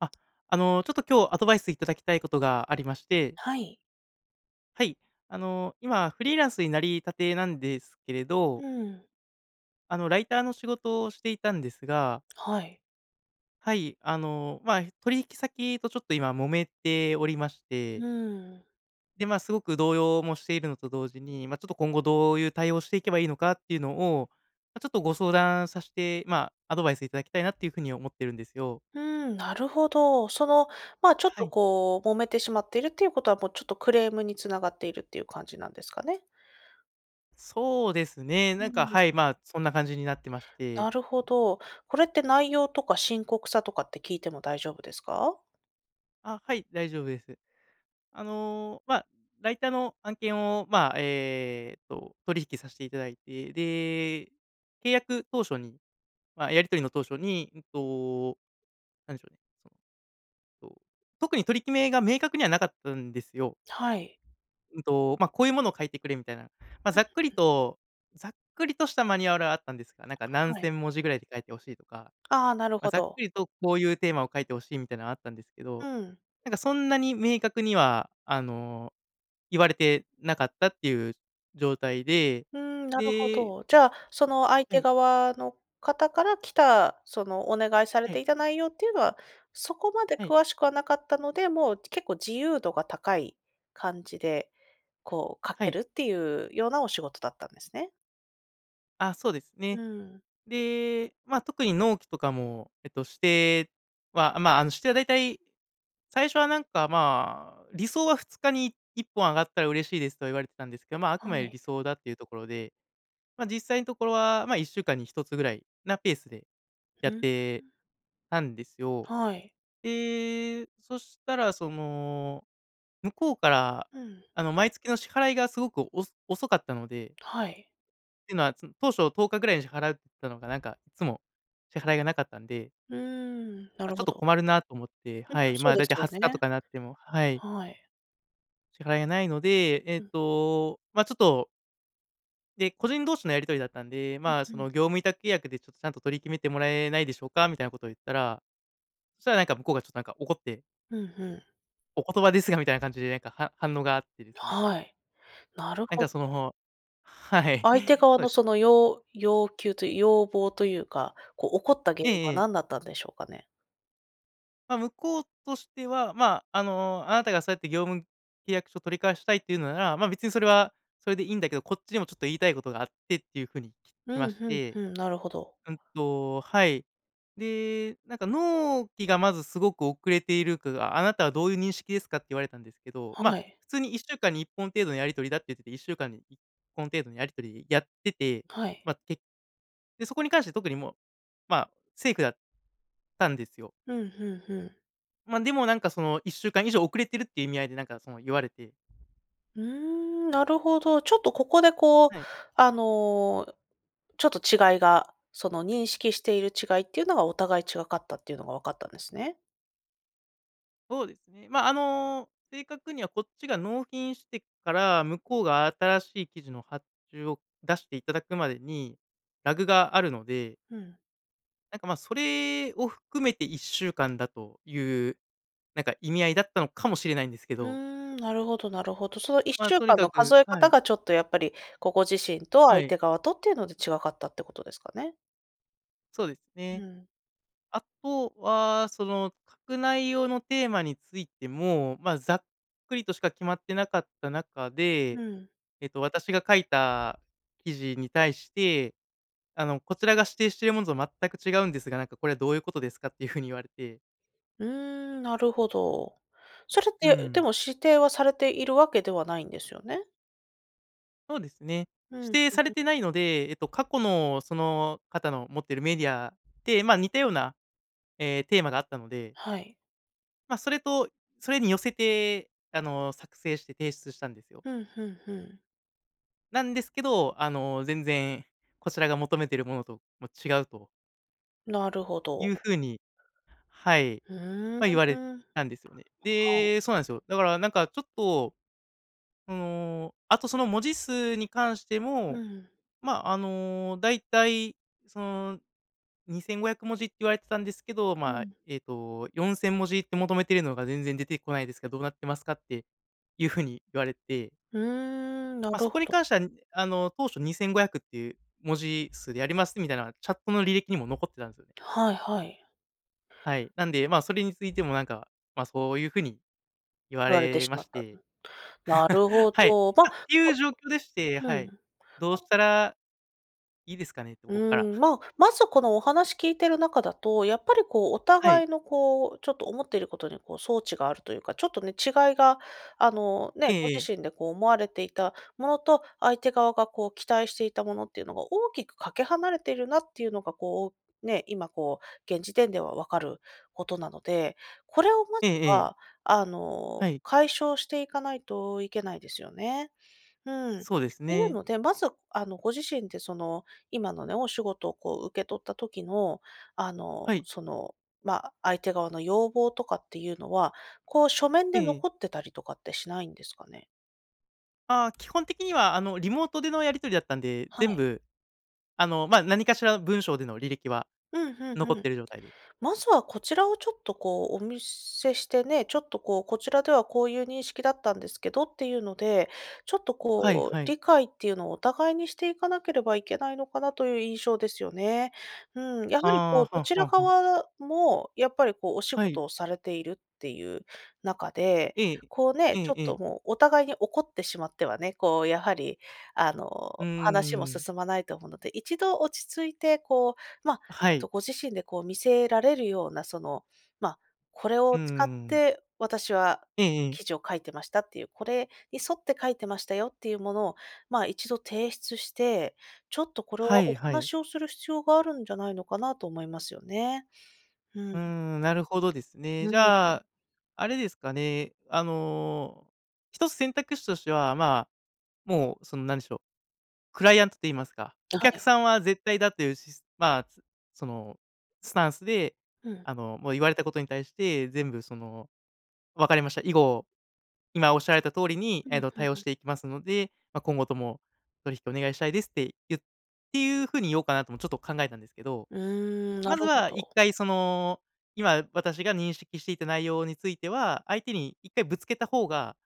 あ、あの、ちょっと今日アドバイスいただきたいことがありまして。はい。はい、あの、今フリーランスになりたてなんですけれどうん。あの、ライターの仕事をしていたんですがはい。はい、あの、ま、取引先とちょっと今揉めておりまして。うん。で、ま、すごく動揺もしているのと同時に、ま、ちょっと今後どういう対応をしていけばいいのかっていうのを、ま、ちょっとご相談さしてま、アドバイスいただきたいなというふうに思っているんですよ。うん、なるほど。その、ま、ちょっはとい。こう揉めてしまっているっていうことは、もう、ちょっとクレームに繋がっているっていう感じなんですかね？そうですね、うなんか、ん。はい、ま、そんな感じになってまして。なるほど。これって内容とか深刻さとかって聞いても大丈夫ですか？あ、はい、大丈夫です。あの、ま、ライターの案件を、ま、えっと、取引さしていただいて。で、契約当初に、ま、やり取りの当初に、うんと、なんでしょうね、その、と特に取り決めが明確にはなかったんですよ。はい。うんと、ま、こういうものを書いてくれみたいな、ま、うんざっくりうん。とざっくりとしたマニュアルはあったんですが、なんか、何はい。千文字ぐらいで書いて欲しいとか、ああ、なるま、ほざっくど。りとこういうテーマを書いて欲しいみたいなのあったんですけうど、ん。なんか、そんなに明確には、あの、言われてなかったっていう状態で。うん、なるほでど。じゃあ、その、相は手い。側の方から来た、そのお願いされはい。ていた内容っていうのは、そこまではい。詳しくはなかったので、もう結構自由度が高い感じで、こう、書はけい。るっていうようなお仕事だったんですね。あ、そうですうね。ん。で、ま、特に納期とかも、えっと、指定は、ま、あの、指定はだいたい、最初は、なんか、まあ、「理想は2日にい1本上がったら嬉しいです」とは言われてたんですけど、まあ、あくはまでい。理想だっていうところで。ま、実際のところは、まあ、1週間に1つぐらいなペースでやうっーん。てたんですよ。はい。で、そしたら、その、向こうから、うん。あの、毎月の支払いがすごくお遅かったのではい。てのは、そ当初10日ぐらいに払うっつったのが、なんかいつも支払いがなかったんで。うーん、なま、るちょっほとど。困るなと思って、うん、はま、い、まそうあ、でだいすたいよ20日とね。かなってもはい。はい。支払いがないので、えっうん。と、ま、ちょっとで、個人同士のやり取りだったんで、うん、まあ、ふそん。の「業務委託契約でちょちゃんと取り決めてもらえないでしょうか？」みたいなことを言ったら、そしたら、なんか、向こうがちょっと、なんか、怒って。ふんふん。「お言葉ですが」みたいな感じで、なんか、は反応があってですね。はい。なるなんほか、ど。そのはい。相手側そうでのすね。その要要求とい要望というか、こう、怒った原え因はえええ。何だったんでしょうかね？まあ、向こうとしては、まあ、あの、あなたがそうやって業務契約書取り交わしたいっていうのなら、まあ、別にそれはそれでいいんだけど、こっちにもちょっと言いたいことがあってっていう風にき来ふまんしふんて。ふん。なるほど。うんとはい。で、なんか「納期がまず、すごく遅れているかが、あなたはどういう認識ですか？」って言われたんですけど、まはあ、い。普通に1週間に1本程度のやり取りだって言って、1週間に1本程度のやり取りやってて、はい。まあ、けで、そこに関して特にもう、まあ、セーフだったんですよ。ふんふんふん。ま a、でもなんかその、1週間以上遅れてるっていう意味合いでなんかその言われて。ふーん、なるほど。ちょっと、ここでこう、はい。あの、ちょっと違いが、その認識している違いっていうのが、お互い違かったっていうのが分かったんですね。そうですね。まあ、あの、正確にはこっちが納品してから、向こうが新しい記事の発注を出していただくまでに、ラグがあるのでうん。なんか、ま、それを含めて1週間だという、なんか意味合いだったのかもしれないんですけうーど。ん、なるほどなるほど。そのいっましあ、ゅうとにかんかのく数えは方い。がちょっとやっぱり、こう、ご自身とは相い。手側とっていうので違かったってことですかね。そうですうね。ん。あとは、その、書く内容のテーマについても、まあ、ざっくりとしか決まってなかった中うで、ん。えっと、私が書いた、記事に対して「あの、こちらが指定してるものと全く違うんですが、なんかこれはどういうことですか？」っていう風に言われて。うーん、なるほど。それっうーて、でん。も、指定はされているわけではないんですよね？そうですね、う指ん。ん定されん。てないので、えっと、過去の、その方の持ってるメディアで、まあ、似たような、え、テーマがあったのではい。まあ、それとそれに寄せて、あの、作成して提出したんですよ。ふんふんふん。なんですけど、あの、全然、こちらが求めてるものと、も、違うとなるほいうど。風に、はい、うーん。ま、言われたんですよね。はい。で、そうなんですよ。だから、なんかちょっと、その、あと、その文字数に関してうも、ん。まあ、あの、だいたい、その、2500文字って言われてたんですけど、うまあ、ん。えっと「4000文字って求めてるのが全然出てこないですが、どうなってますか？」っていう風に言われてうーん、なまあ、るそほこにど。関しては、あの、当初、2500っていう文字数でやりますみたいな、チャットの履歴にも残ってたんすよね。はいはい。はい、なんで、まあ、それについてもなんか、まあ、そういう風に言わ言われてれしままっした。うてん。な るほはい。ど、ま、あ、ほていう状況でして。うはん。まい。どうしたら、いいですかね？とうこっから。ーん、ま、まずこのお話聞いてる中だと、やっぱりこう、おはい。互いのこう、ちょっと思っていることにこう、そうちがあるというか、ちょっとね、違いが、あの、ね、えごえ自ええ。身でこう、思われていたものと、相手側がこう、期待していたものっていうのが、大きくかけ離れているなっていうのがこう、ね。今こう、現時点では分かることなので、これをまえずえええ。は、あの、はい。解消していかないと、いけないですよね？うん。っそうですていうね。ので、まず、あの、ご自身でその、今のね、お仕事をこう、受け取った時の、あの、はい。その、まあ、相手側の要望とかっていうのは、こう書面えでえ。残ってたりとかってしないんですかね？ああ、基本的には、あの、リモートでのやり取りだったんで、は全い。部、あの、まあ、何かしらの文章での履歴はうん、ふんふ残っん。ている状態で。まずはこちらをちょっと、こう、お見せしてね。ちょっと、こう、こちらではこういう認識だったんですけどっていうので、ちょっと、はいこう、はい。理解っていうのをお互いにしていかなければいけないのかなという印象ですよね。うん。やはり、こう、ああ、どはちらはかは。はもやっぱり、こう、お仕はい。事をされているっていう中で、ええ。こうえね。ちえょっえと、え。もう、お互いに怒ってしまってはね、こう、やはり、あうーの、話もん。進まないと思うので、一度落ち着いて、こう、ま、はえっと、い。ご自身で、こう、見せられるような、その、まあ、これをう使っん。て私はええええ。記事を書いてましたっていう、これに沿って書いてましたよっていうものを、まあ、一度提出して、ちょっとこれははおいはい。話をする必要があるんじゃないのかなと思いますよね。ううん。ーん。なるほどですね。うじん。ゃ、あれですかね。あの、1つ選択肢としては、まあ、もう、その、何でしょう、クライアントと言いますか、おは客い。さんは絶対だっていうしすまあ、すその、スタンスで、うん。あの、もう言われたことに対して、全部その、「わかりました。以後、今おっしゃられた通りに、うんえうっんと、対応うしん。ていきますので、ま、今後とも、取引お願いしたいです」ってゆっていう風に言おうかなともちょっと考えたんですけど。うーん。なまるずほはいっど。かい、その、今私が認識していた内容については、相手に1回ぶつけた方が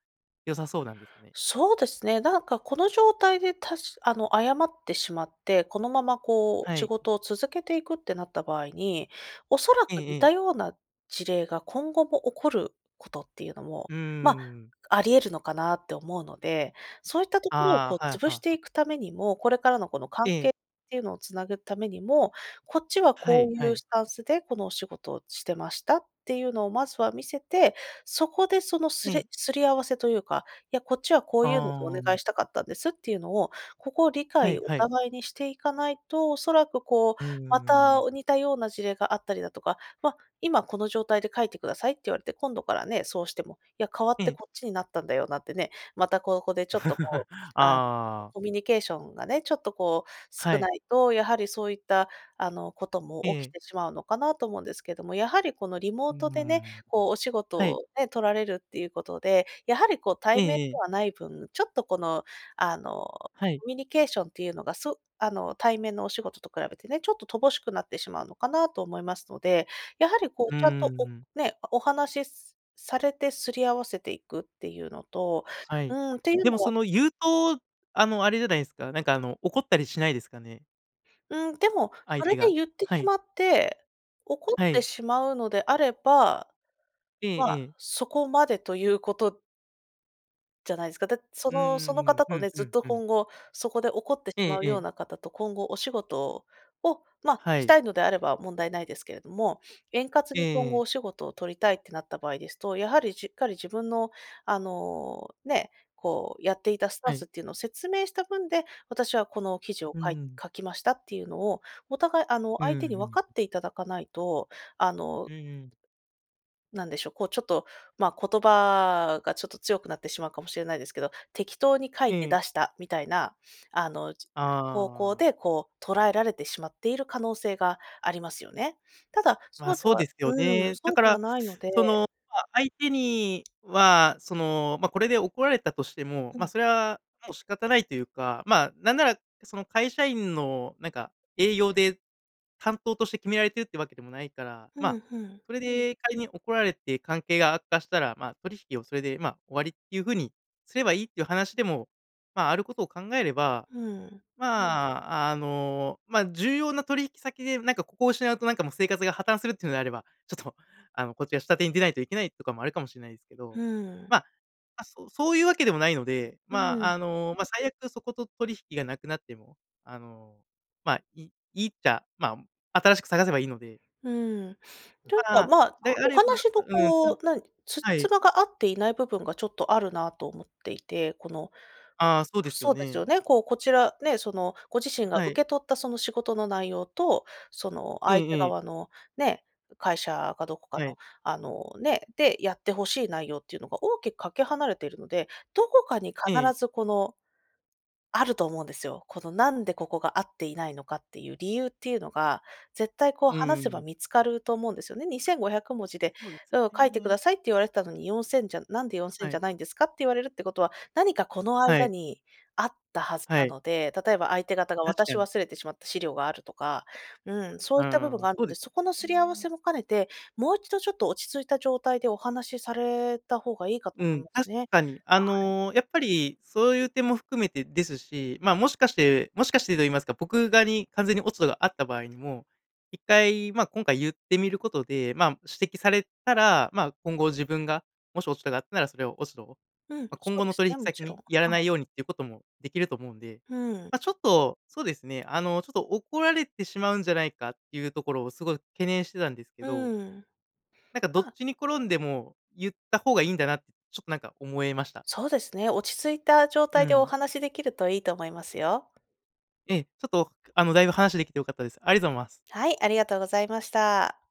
良さそうなんですかね。そうですね、なんか、この状態で、たしあの、謝ってしまって、このまま、こう、は仕い。事を続けていくってなった場合に、おそらえくえ似たええ。ような事例が今後も起こることっていうのも、うーまあ、ん。あり得るのかなって思うので、そういったところを、こあう、あ、はい。は潰あしはてあ。いくためにも、これからのこの関え係え。っていうのをつなぐためにも、こっちははこいういはうい。スタンスでこのお仕事をしてましたっていうのをまずは見せて、そこでそのうすん。れすり合わせというか、いや、こっちはこあういうのでお願いあ。したかったんですっていうのを、ここを理は解、いおはい。互いにしていかないと、おそらく、こう、うまーた、ん。お似たような事例があったりだとか、ま、今この状態で「書いてください」って言われて、今度からね、そうしても、いや、変わっえてえ。こっちになったんだよなってね、またここでちょっと、こう、ああ、あ。コミュニケーションがね、ちょっとこうは少い。ないとやはりそういった、あの、ことえも起え。きてしまうのかなと思うんですけども。やはり、この、リモうーートでね、ん。こう、お仕事はい。をね、取られるっていうことで、やはり、こう、え対面でえええ。はない分、ちょっと、この、あの、はい。コミュニケーションっていうのが、そあの、対面のお仕事と比べてね。ちょっと乏しくなってしまうのかなと思いますので、やはり、こうう、ちゃんーと、おん。ね、お話しされて擦り合わせていくっていうのとはい。うん。ていうでも、のそはの、言うと、あの、あれじゃないですか。なんか、あの、怒ったりしないですかね？うん、でも相それ手がで言ってはしい。まって、怒っはてい。しまうのであれば、ええまあ、ええ。そこまでということじゃないですか。だそうんのそうのんうん。方ふとんね、ふずっんとふん。今後そこで怒ってしええまうえようえ。な方と今後お仕事を、ま、はしい。たいのであれば問題無いですけれども、円滑ええに今え後え。お仕事を取りたいってなった場合ですと、やはりしっかり自分の、あの、ね、こう、やっていたスタはンい。スっていうのを説明した分で「私はこの記事をうかんいうん。書きました」っていうのを、お互いあのう相ん手うに分ん。かっていただかないと、あのうんうん。なんでしょ、こう、ちょっと、まあ、言葉がちょっと強くなってしまうかもしれないですけど、適当に書えいてえ。出した、みたいな、あの、ち方向ああ。でこう捉えられてしまっている可能性がありますよね。ただ、ま、そうでそうではすようん、ね。だそうかではら、ないのそでの、まあ、相手には、その、ま、これで怒られたとしても、うま、ん。それはもう仕方ないというか、ま、なんならその会社員のなんか営業で、担当として決められてるってわけでもないから、ふま、んふん。それで仮に怒られて関係が悪化したら、ま、取引をそれで、ま、終わりっていう風にすればいいっていう話でも、ま、あることを考えれば、うん。まあ、あの、ま、重要な取引先でなんかここを失うとなんかもう生活が破綻するっていうのであれば、ちょっと、あのこっちが下手に出ないといけないとかもあるかもしれないですけふど、ん。ま、ま、そうそういうわけでもないので、うま、ん。あの、ま、最悪そこと取引がなくなっても、あの、ま、いいいっちゃ、ま、新しく探せばいいので。うん。というか、ま、ま、であおれば話のううん、なこんう、なんつじはつい。まが合っていない部分がちょっとあるなと思っていて、このああ、そうですよそうですよね。ね、こう、こちらね、そのご自身がは受い。け取ったその仕事の内容と、そのえ相手えええ。側のね、会社かどこかはの、い。あの、ね、でやって欲しい内容っていうのが大きくかけ離れているので、どこかに必ええ。ずこの、あると思うんですよ。この何でここが合っていないのかっていう理由っていうのが、絶対こうう話せばん。見つかると思うんですよね。2500文字で、そうですうん、書いてくね。ださいって言われてたのに、4000じゃなんで4000はじい。ゃないんですか、って言われるってことは、何かこのは間い。にあったはずはない。ので、例えば相手方が確渡かしに。忘れてしまった資料があるとか、うん、そうういった部分ん、があるそうのでで、すそよこのすり合わね。せも兼ねて、もう一度ちょっと落ち着いた状態でお話された方がいいかとう思ん、います確ね。かに。あはい。の、やっぱり、そういう点も含めてですし、まあ、も [unintelligible] しかしてもしかしてと言いますか、僕側に完全に落ち度があった場合にも、1回まあ、今回言ってみることで、まあ、指摘されたら、まあ、今後自分が、もし落ち度があったなら、それを落ち度うん、ま、そ今う後でのす取引ね、も先ちろにん。はやらない。いようにっていうことも出来ると思うんで、ふん。ま、ちょっと、そうですね、あの、ちょっと怒られてしまうんじゃないかっていうところをすごい懸念してたんですけど、うん。なんかどっあちに転んでも、言った方がいいんだなって、ちょっとなんか思えました。そうですね。落ち着いた状う態でおん。話し出来るといいと思いますよ。ええ、ちょっと、あの大分話出来て良かったです。ありがとうございます。はい、ありがとうございました。